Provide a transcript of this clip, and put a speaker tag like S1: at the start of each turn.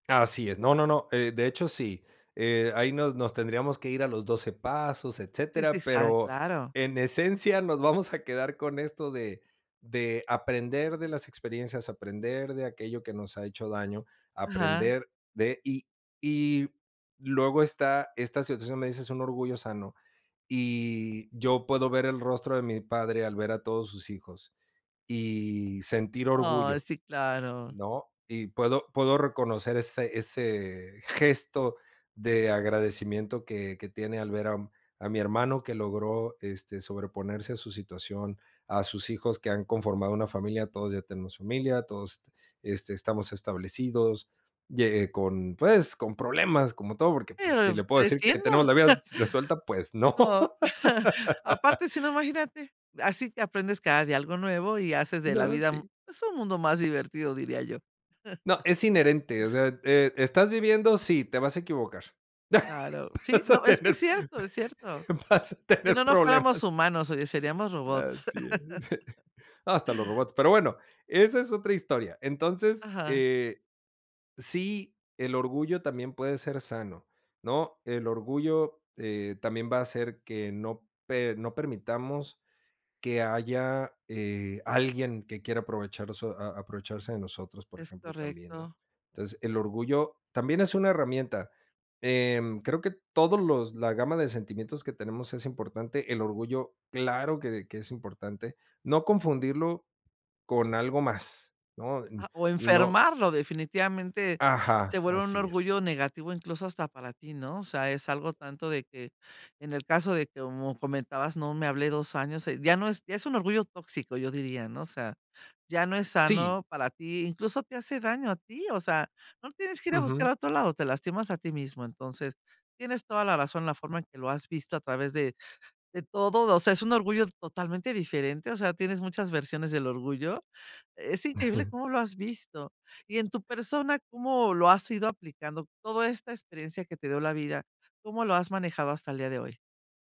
S1: Así es, no no no, eh, de hecho sí, eh, ahí nos nos tendríamos que ir a los 12 pasos,
S2: Sí, sí,
S1: etcétera,
S2: ah,
S1: pero
S2: claro.
S1: en esencia nos vamos a quedar con esto de, de aprender de las experiencias, aprender de aquello que nos ha hecho daño,
S2: Ajá.
S1: aprender de y y luego está, esta situación, donde dices: "Un orgullo sano". Y yo puedo ver el rostro de mi padre al ver a todos sus hijos y sentir
S2: Ah
S1: orgullo,
S2: sí, claro.
S1: ¿no? Y puedo puedo reconocer ese ese gesto de agradecimiento que que tiene al ver a a mi hermano que logró, este, sobreponerse a su situación, a sus hijos que han conformado una familia, todos ya tenemos familia, todos, este, estamos establecidos ye eh, con pues, con problemas como todo, porque, pues, si
S2: ¿Pero
S1: le puedo decir que
S2: creciendo?
S1: tenemos la vida resuelta, pues no.
S2: Oh, aparte, si no, imagínate, así que aprendes cada día algo nuevo, y haces de la
S1: No,
S2: vida,
S1: sí.
S2: un pues un mundo más divertido, diría yo.
S1: No, es inherente, o sea, eh, ¿estás viviendo? Sí, te vas a equivocar.
S2: Claro. Sí,
S1: Vas
S2: no,
S1: a
S2: es que es
S1: tener
S2: cierto, es cierto.
S1: vas a
S2: Si no,
S1: tener
S2: no fuéramos
S1: problemas
S2: humanos, oye, seríamos robots.
S1: así es. Hasta los robots. Pero bueno, esa es otra historia. Entonces,
S2: Ajá.
S1: eh, sí, el orgullo también puede ser sano, ¿no? El orgullo eh, también va a hacer que no per no permitamos que haya eh, alguien que quiera aprovechar, so a a aprovecharse de nosotros, por
S2: Es
S1: ejemplo, también, ¿no?
S2: correcto.
S1: Entonces, el orgullo también es una herramienta, eh, creo que todos los la gama de sentimientos que tenemos es importante, el orgullo claro que que es importante, no confundirlo con algo más, ¿no? Y
S2: O
S1: y no
S2: enfermarlo, definitivamente se
S1: ajá,
S2: vuelve un
S1: así es.
S2: orgullo negativo, incluso, hasta para ti, ¿no? O sea, es algo tanto de que, en el caso de que, como comentabas, ¿no? Me hablé 2 años, ya no es ya es un orgullo tóxico, yo diría, ¿no? O sea, ya no es
S1: Sí.
S2: sano para ti, incluso, te hace daño a ti, o sea, no tienes que ir a buscar
S1: Ujú.
S2: a otro lado, te lastimas a ti mismo. Entonces tienes toda la razón, la forma en que lo has visto a través de, de todo, o sea, es un orgullo totalmente diferente, o sea, tienes muchas versiones del orgullo. Es increíble cómo lo has visto. Y en tu persona, ¿cómo lo has ido aplicando? Toda esta experiencia que te dio la vida, ¿cómo lo has manejado hasta el día de hoy?